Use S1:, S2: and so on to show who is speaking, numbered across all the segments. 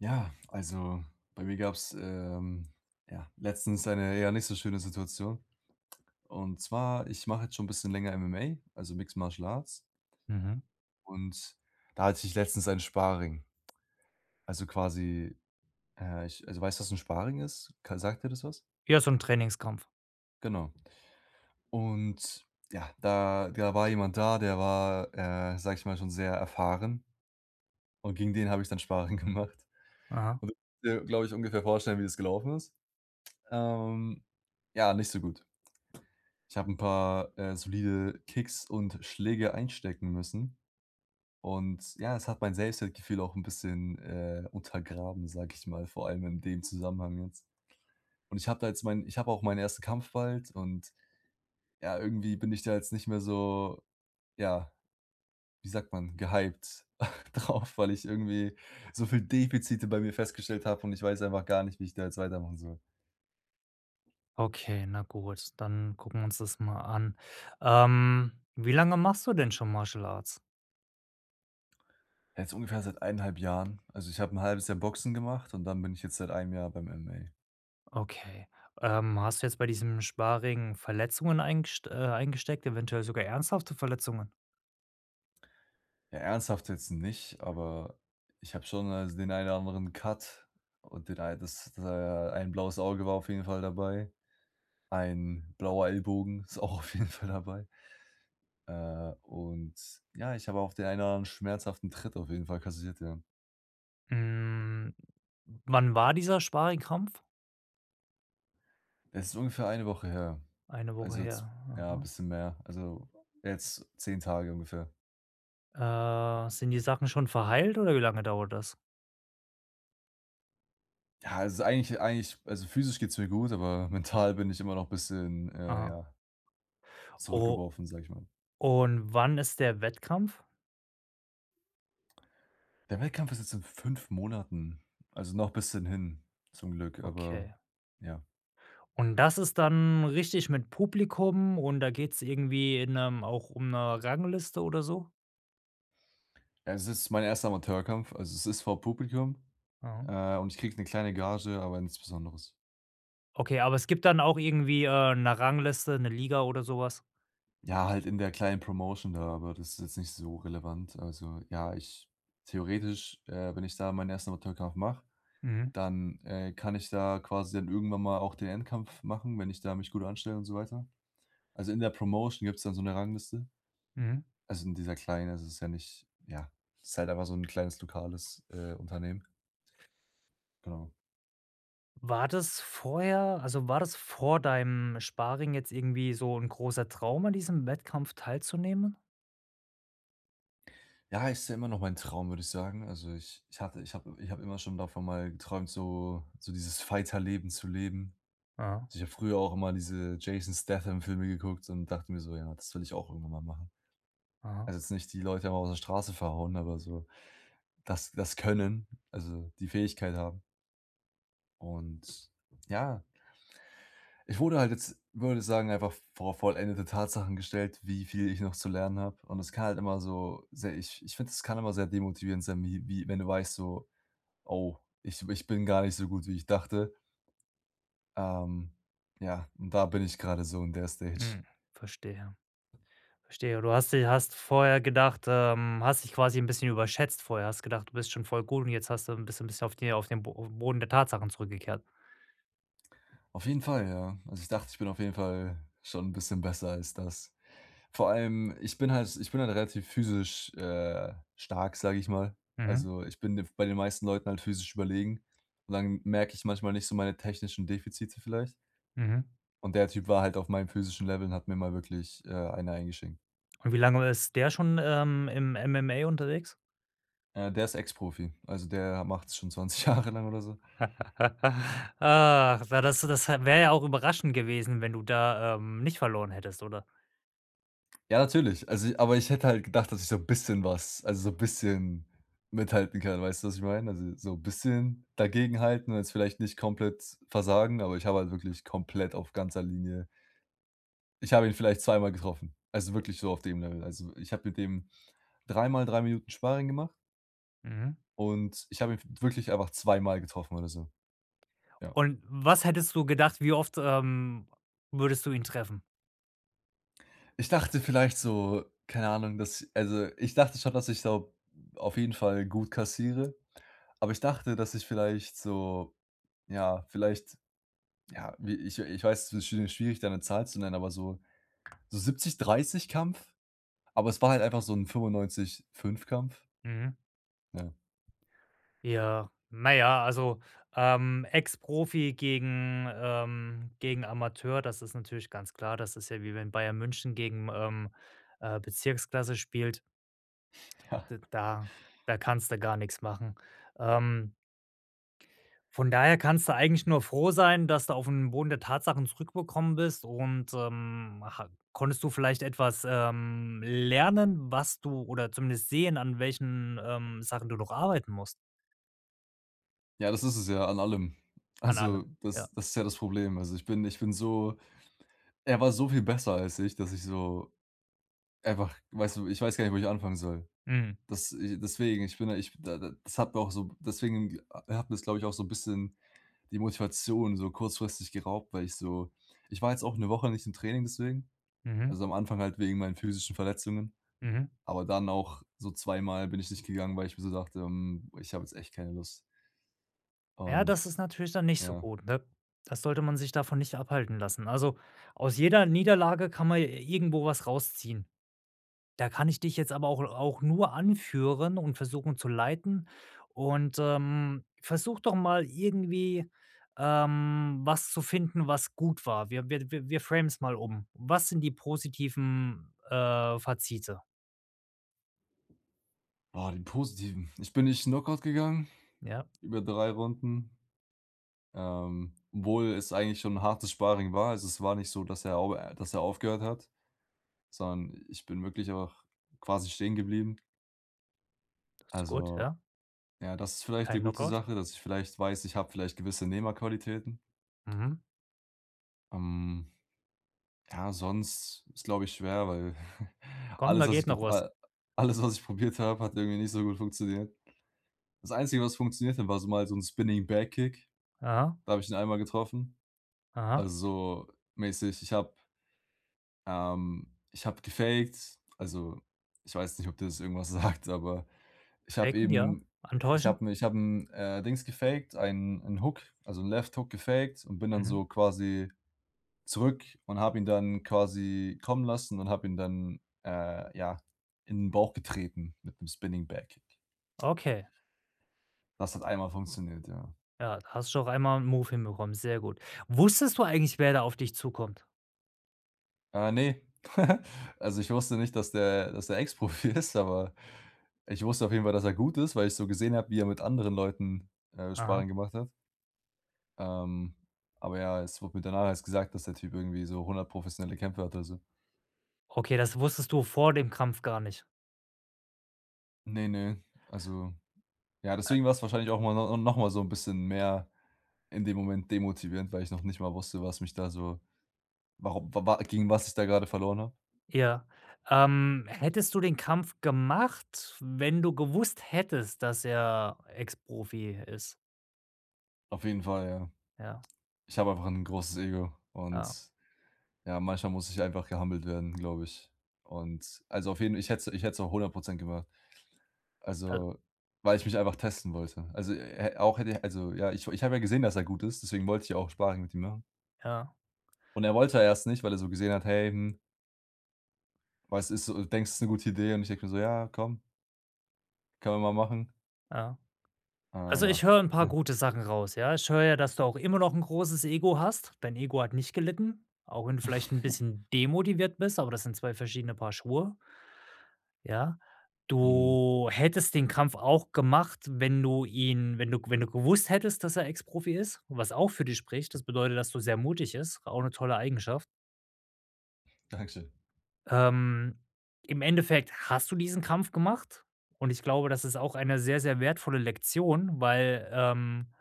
S1: Ja, also, bei mir gab's, ähm, ja, letztens eine, ja, nicht so schöne Situation, und zwar, ich mache jetzt schon 'n bisschen länger MMA, also Mixed Martial Arts
S2: Mhm.
S1: und da hatte ich letztens ein Sparring. Also quasi, äh, ich also, weißt du was 'n Sparring ist? K sagt dir das was?
S2: Ja, so 'n Trainingskampf.
S1: Genau. Und ja, da da war jemand da, der war, äh, sage ich mal, schon sehr erfahren. Und gegen den habe ich dann Sparring gemacht.
S2: Aha.
S1: Und der glaube ich, ungefähr vorstellen, wie es gelaufen ist. Ähm, ja, nicht so gut. Ich habe 'n paar, äh, solide Kicks und Schläge einstecken müssen und ja, es hat mein Selbstwertgefühl auch 'n bisschen, äh, untergraben, sage ich mal, vor allem in dem Zusammenhang, ne? Und ich habe da jetzt mein ich habe auch meinen 1. Kampf bald und ja, irgendwie bin ich da jetzt nicht mehr so, ja, wie sagt man, gehypt drauf, weil ich irgendwie so viel Defizite bei mir festgestellt habe und ich weiß einfach gar nicht, wie ich da jetzt weitermachen soll.
S2: Okay, na gut, dann gucken wir uns das mal an. Ähm, wie lange machst du denn schon Martial Arts?
S1: Jetzt ungefähr seit 1 1/2 Jahren. Also, ich hab 'n 1/2 Jahr Boxen gemacht und dann bin ich jetzt seit 1 Jahr beim MMA.
S2: Okay, ähm, hast du jetzt bei diesem Sparring Verletzungen eingest äh, eingesteckt, eventuell sogar ernsthafte Verletzungen?
S1: Ja, ernsthaft jetzt nicht, aber ich habe schon, also, den ein oder anderen Cut und den ein das äh, ein blaues Auge war auf jeden Fall dabei, ein blauer Ellbogen ist auch auf jeden Fall dabei. Äh, und ja, ich habe auch den einen schmerzhaften Tritt auf jeden Fall kassiert, ja.
S2: Hm, wann war dieser Sparringkampf?
S1: Es ist ungefähr 1 Woche her.
S2: 1 Woche
S1: Also, jetzt
S2: her.
S1: ja,
S2: Aha.
S1: bisschen mehr, also, jetzt 10 Tage ungefähr.
S2: Äh, sind die Sachen schon verheilt oder wie lange dauert das?
S1: Ja, es ist eigentlich eigentlich also, physisch geht's mir groß, aber mental bin ich immer noch bisschen, äh,
S2: Aha.
S1: ja
S2: O
S1: zurückgeworfen, sage ich mal.
S2: und wann ist der Wettkampf?
S1: Der Wettkampf ist jetzt in 5 Monaten. Also, noch bisschen hin zum Glück, aber,
S2: Okay.
S1: ja.
S2: Und das ist dann richtig mit Publikum und da geht's irgendwie in 'nem auch um 'ne Rangliste oder so?
S1: Es ist mein 1. Amateurkampf. Also, es ist vor Publikum,
S2: Mhm.
S1: äh, und ich kriege 'ne kleine Gage, aber nichts Besonderes.
S2: Okay, aber es gibt dann auch irgendwie, äh, 'ne Rangliste, 'ne Liga oder so was?
S1: Ja, halt in der kleinen Promotion da, aber das ist jetzt nicht so relevant. Also ja, ich theoretisch, äh, wenn ich da meinen 1. Amateurkampf mache,
S2: Mhm.
S1: dann, äh, kann ich da quasi dann irgendwann mal auch den Endkampf machen, wenn ich da mich gut anstelle und so weiter. Also in der Promotion gibt's dann so 'ne Rangliste.
S2: Mhm.
S1: Also, in dieser kleinen, das ist ja nicht ja, ist halt einfach so 'n kleines lokales, äh, Unternehmen. Genau.
S2: War das vorher also, war das vor deinem Sparring jetzt irgendwie so 'n großer Traum, an diesem Wettkampf teilzunehmen?
S1: Ja, ist ja immer noch mein Traum, würde ich sagen. Also ich ich hatte ich habe ich habe immer schon davon mal geträumt, so so dieses Fighter Leben zu leben.
S2: Aha.
S1: Ich habe früher auch immer diese Jason Statham-Filme geguckt so und dachte mir so: „Ja, das will ich auch irgendwann mal machen.“
S2: Aha.
S1: Also, jetzt nicht die Leute draußen auf der Straße verhauen, aber so, das das können. Also, die Fähigkeit haben. Und ja. Ich wurde halt jetzt, würde sagen, einfach vor vollendete Tatsachen gestellt, wie viel ich noch zu lernen habe. Und das kann halt immer so sehr ich ich finde, das kann immer sehr demotivierend sein, wie wie wenn du weißt so: „Oh, ich ich bin gar nicht so gut, wie ich dachte.“ Ähm, ja, da bin ich grade so, in der Stage.
S2: Hm, verstehe, verstehe. Du hast sie hast vorher gedacht, ähm hast dich quasi 'n bisschen überschätzt vorher, hast gedacht, du bist schon voll gut und jetzt hast du 'n bisschen bist auf die auf den Boden der Tatsachen zurückgekehrt?
S1: Auf jeden Fall, ja. Also, ich dachte, ich bin auf jeden Fall schon 'n bisschen besser als das. Vor allem, ich bin halt ich bin halt relativ physisch, äh, stark, sage ich mal.
S2: Mhm.
S1: Also, ich bin den bei den meisten Leuten halt physisch überlegen. Und dann merke ich manchmal nicht so meine technischen Defizite vielleicht.
S2: Mhm.
S1: Und der Typ war halt auf meinem physischen Level und hat mir mal wirklich, äh, eine eingeschenkt.
S2: Und wie lange ist der schon, ähm, im MMA unterwegs?
S1: Ja, der ist Ex-Profi, also, der macht es schon 20 Jahre lang oder so.
S2: Ah, war das du das wäre ja auch überraschend gewesen, wenn du da, ähm, nicht verloren hättest, oder?
S1: Ja, natürlich, also aber ich hätte halt gedacht, dass ich so 'n bisschen was also so 'n bisschen mithalten kann, weißt du, was ich meine? Also, so 'n bisschen dagegenhalten, jetzt vielleicht nicht komplett versagen, aber ich habe halt wirklich komplett auf ganzer Linie ich habe ihn vielleicht zweimal getroffen, also wirklich so auf dem Level. Also, ich habe mit dem 3 Mal 3 Minuten Sparring gemacht
S2: Mhm.
S1: und ich habe ihn w wirklich einfach 2 Mal getroffen oder so. Ja.
S2: Und was hättest du gedacht, wie oft, ähm, würdest du ihn treffen?
S1: Ich dachte vielleicht so, keine Ahnung, dass also, ich dachte schon, dass ich so auf jeden Fall gut kassiere, aber ich dachte, dass ich vielleicht so, ja, vielleicht, ja, wie ich ich weiß, es ist sch schwierig, da 'ne Zahl zu nennen, aber so so 70- 30 Kampf, aber es war halt einfach so 'n 95- 5 Kampf.
S2: Mhm.
S1: Ja.
S2: Ja, na ja, also, ähm, Ex-Profi gegen ähm, gegen Amateur, das ist natürlich ganz klar, das ist ja wie wenn Bayern München gegen, ähm, äh, Bezirksklasse spielt.
S1: Ja.
S2: D da da kannst du gar nichts machen. Ähm von daher kannst du eigentlich nur froh sein, dass du auf 'm Boden der Tatsachen zurückgekommen bist und, ähm, ha konntest du vielleicht etwas, ähm, lernen, was du oder zumindest sehen, an welchen, ähm, Sachen du noch arbeiten musst?
S1: Ja, das ist es ja, an allem.
S2: An
S1: Also,
S2: allem,
S1: das
S2: ja.
S1: das ist ja das Problem. Also, ich bin ich bin so er war so viel besser als ich, dass ich so einfach weißt du, ich weiß gar nicht, wo ich anfangen soll.
S2: Mhm.
S1: Das i deswegen, ich bin da ich da da das habe auch so deswegen a hat mir es, glaube ich, auch so 'n bisschen die Motivation so kurzfristig geraubt, weil ich so ich war jetzt auch 1 Woche nicht im Training deswegen,
S2: Mhm.
S1: also, am Anfang halt wegen meinen physischen Verletzungen,
S2: Mhm.
S1: aber dann auch so zweimal bin ich nicht gegangen, weil ich mir so dachte: „Hm, ich habe jetzt echt keine Lust.“
S2: Ja,
S1: Und,
S2: das ist natürlich dann nicht so
S1: ja.
S2: gut, ne? Da sollte man sich davon nicht abhalten lassen. Also, aus jeder Niederlage kann man j irgendwo was rausziehen. Da kann ich dich jetzt aber auch auch nur anführen und versuchen zu leiten und, ähm, versuche doch mal irgendwie, ähm, was zu finden, was gut war. Wir wir wir wir framen es mal um. Was sind die positiven, äh, Fazite?
S1: Ah, die Positiven. Ich bin nicht Knockout gegangen
S2: Ja.
S1: über 3 Runden, ähm, obwohl es eigentlich schon hartes Sparring war. Also, es war nicht so, dass er au äh, dass er aufgehört hat, sondern ich bin wirklich auch quasi stehen geblieben.
S2: Das ist gut,
S1: Also,
S2: ja.
S1: ja, das ist vielleicht 'ne
S2: Kein
S1: gute
S2: Knock-Out.
S1: Sache, dass ich vielleicht weiß, ich habe vielleicht gewisse Nehmerqualitäten.
S2: Mhm.
S1: Ähm. Ja, sonst ist, glaube ich, schwer, weil
S2: Komm,
S1: alles,
S2: da
S1: was
S2: geht
S1: ich
S2: noch
S1: gep
S2: was.
S1: äh, alles, was ich probiert habe, hat irgendwie nicht so gut funktioniert. Das Einzige, was funktionierte war so mal so 'n Spinning-Back-Kick,
S2: Ja.
S1: da habe ich den einmal getroffen,
S2: Aha.
S1: also, mäßig. Ich habe ähm, ich habe gefakt, also, ich weiß nicht, ob dir das irgendwas sagt, aber ich habe
S2: Faken, ja,
S1: eben ich
S2: antäuschen.
S1: habe 'n ich habe 'n Dings gefakt, einen 'n Hook, also, 'n Left Hook gefakt und bin dann
S2: Mhm.
S1: so quasi zurück und habe ihn dann quasi kommen lassen und habe ihn dann, äh, ja, in den Bauch getreten mit 'nem Spinning-Back-Kick.
S2: Okay.
S1: Das hat einmal funktioniert, ja.
S2: Ja, hast schon auf einmal 'n Move hinbekommen. Sehr gut. Wusstest du eigentlich, wer da auf dich zukommt?
S1: Ah, ne. Also, ich wusste nicht, dass der dass der Ex Profi ist, aber ich wusste auf jeden Fall, dass er gut ist, weil ich so gesehen habe, wie er mit anderen Leuten
S2: Aha.
S1: Sparring gemacht hat. Ähm, aber ja, es wurde mir danach erst gesagt, dass der Typ irgendwie so 100 professionelle Kämpfe hat, oder so.
S2: Okay, das wusstest du vor dem Kampf gar nicht?
S1: Ne, ne, also, ja, deswegen war's wahrscheinlich auch mal no noch mal so 'n bisschen mehr in dem Moment demotivierend, weil ich noch nicht mal wusste, was mich da so warum, wa wa gegen was ich da grade verloren habe.
S2: Ja. Ähm, hättest du den Kampf gemacht, wenn du gewusst hättest, dass er Ex-Profi ist?
S1: Auf jeden Fall, ja.
S2: Ja.
S1: Ich habe einfach 'n großes Ego und,
S2: Ja.
S1: ja, manchmal muss ich einfach gehumbled werden, glaube ich. Und, also, auf jeden ich hätte's ich hätte es auch 100% gemacht.
S2: [unintelligible]
S1: Also, weil ich mich einfach testen wollte. Also, e er auch hätte also, ja, ich ich habe ja gesehen, dass er gut ist, deswegen wollte ich ja auch Sparring mit ihm machen.
S2: Ja.
S1: Und er wollte ja erst nicht, weil er so gesehen hat: „Hey, hm.“ „Was ist so, denkst, das ist 'ne gute Idee?“ Und ich denke mir so: „Ja, komm“ „Können wir mal machen.“
S2: Ja.
S1: Äh,
S2: Also
S1: ja.
S2: ich höre 'n paar
S1: Mhm.
S2: gute Sachen raus, ja. Ich höre ja, dass du auch immer noch 'n großes Ego hast. Dein Ego hat nicht gelitten, auch wenn du vielleicht 'n bisschen demotiviert bist, aber das sind zwei verschiedene Paar Schuhe. Ja.
S1: Mhm.
S2: Du hättest den Kampf auch gemacht, wenn du ihn wenn du g wenn du gewusst hättest, dass er Ex-Profi ist, was auch für dich spricht. Das bedeutet, dass du sehr mutig ist, auch 'ne tolle Eigenschaft.
S1: Dankeschön.
S2: Ähm, im Endeffekt hast du diesen Kampf gemacht und ich glaube, das ist auch eine sehr, sehr wertvolle Lektion, weil, ähm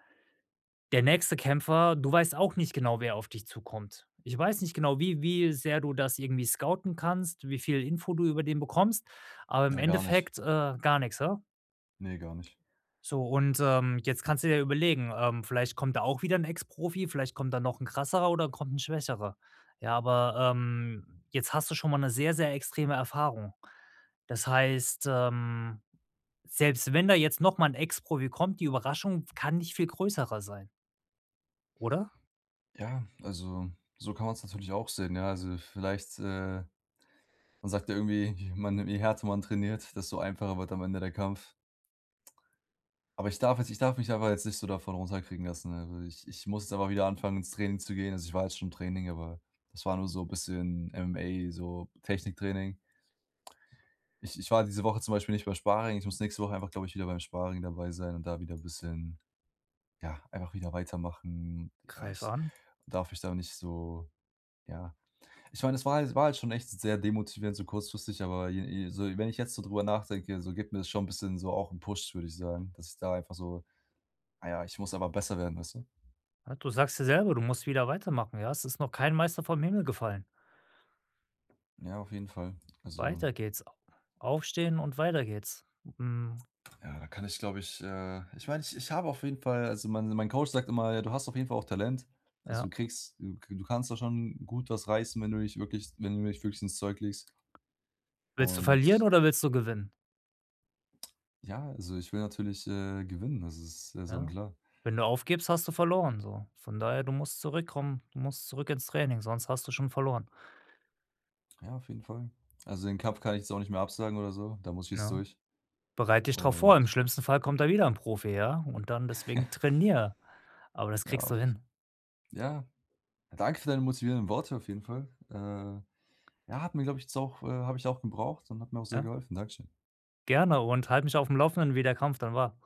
S2: der nächste Kämpfer du weißt auch nicht genau, wer auf dich zukommt. Ich weiß nicht genau, wie wie sehr du das irgendwie scouten kannst, wie viel Info du über den bekommst, aber im
S1: Ja, gar nicht.
S2: Endeffekt, äh, gar nix, he?
S1: Ne, gar nicht.
S2: So und, ähm, jetzt kannst du dir ja überlegen ähm, vielleicht kommt da auch wieder 'n Ex Profi, vielleicht kommt da noch 'n krasserer oder kommt ‘n schwächerer. Ja, aber, ähm, jetzt hast du schon mal 'ne sehr, sehr extreme Erfahrung. Das heißt, ähm, selbst wenn da jetzt noch mal 'n Ex-Profi kommt, die Überraschung kann nicht viel größer sein. Oder?
S1: Ja, also, so kann man's natürlich auch sehen. Ja, also vielleicht, äh man sagt ja irgendwie, ich meine: „Je härter man trainiert, desto einfacher wird am Ende der Kampf.“ Aber, ich darf jetzt ich darf mich einfach jetzt nicht so davon runterkriegen lassen, ne, also, ich ich muss da mal wieder anfangen, ins Training zu gehen. Also, ich war jetzt schon im Training, aber das war nur so bisschen MMA, so Techniktraining. Ich ich war diese Woche zum Beispiel nicht bei Sparing, ich muss nächste Woche einfach, glaube ich, wieder beim Sparing dabei sein und da wieder bisschen, ja, einfach wieder weitermachen. Ja,
S2: Greif
S1: ich
S2: an.
S1: darf mich da nicht so, ja ich meine, das war halt war halt schon echt sehr demotivierend so kurzfristig, aber je je so wenn ich jetzt so drüber nachdenke, so gibt mir das schon bisschen so auch 'n Push, würde ich sagen, dass ich da einfach so: „Ah ja, ich muss aber besser werden“, weißt du?
S2: Ja, du sagst ja selber, du musst wieder weitermachen, ja? Es ist noch kein Meister vom Himmel gefallen.
S1: Ja, auf jeden Fall, also
S2: Weiter geht's. A aufstehn und weiter geht's. Mhm.
S1: Ja, da kann ich, glaube ich, äh ich mein, ich ich habe auf jeden Fall also, mein mein Coach sagt immer: „Du hast auf jeden Fall auch Talent, also, du
S2: Ja.
S1: kriegst du k du kannst da schon gut was reißen, wenn du dich wirklich wenn du dich wirklich ins Zeug legst“
S2: Willst du
S1: und
S2: verlieren
S1: s
S2: oder willst du gewinnen?
S1: Ja, also ich will natürlich, äh, gewinnen, das ist ja
S2: Ja?
S1: sonnenklar.
S2: Wenn du aufgibst, hast du verloren so. Von daher, du musst zurückkommen, du musst zurück ins Training, sonst hast du schon verloren.
S1: Ja, auf jeden Fall. Also, den Kampf kann ich jetzt auch nicht mehr absagen oder so, da muss ich jetzt
S2: Ne?
S1: durch
S2: Bereit dich darauf vor,
S1: un
S2: im schlimmsten Fall kommt da wieder 'n Profi, ja, und dann
S1: Ja.
S2: deswegen trainier, aber das
S1: Ja,
S2: kriegst du
S1: auf f
S2: hin.
S1: ja, danke für deine motivieren Worte auf jeden Fall. Äh, ja, hat mir, glaube ich jetzt auch äh, habe ich auch gebraucht und hat mir auch sehr
S2: Ja.
S1: geholfen. Danke schön.
S2: Gerne und halt mich aufm Laufenden, wie der Kampf dann war.